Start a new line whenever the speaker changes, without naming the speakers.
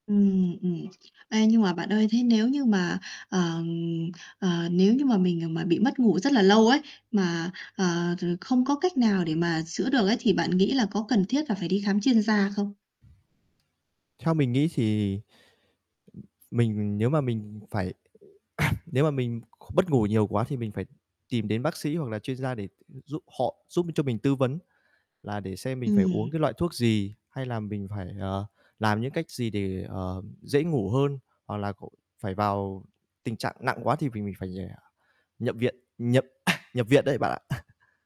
Ừm, ừm. Ê, nhưng mà bạn ơi, thế nếu như mà, ờm, ờ, nếu như mà mình, à, mà bị mất ngủ rất là lâu ấy, mà, ờ, r không có cách nào để mà chữa được ấy thì bạn nghĩ là có cần thiết là phải đi khám chuyên gia không?
Theo mình nghĩ thì, ừm, mình nếu mà mình phải nếu mà mình kh mất ngủ nhiều quá thì mình phải tìm đến bác sĩ hoặc là chuyên gia để, ừm, giúp họ giúp cho mình tư vấn, là để xem mình phải uống cái
Ừm.
loại thuốc gì, hay là mình phải, ờ, làm những cách gì để, ờ, dễ ngủ hơn. Hoặc là c phải vào tình trạng nặng quá thì v mình phải, à, nhập viện nhập nhập viện đấy bạn ạ.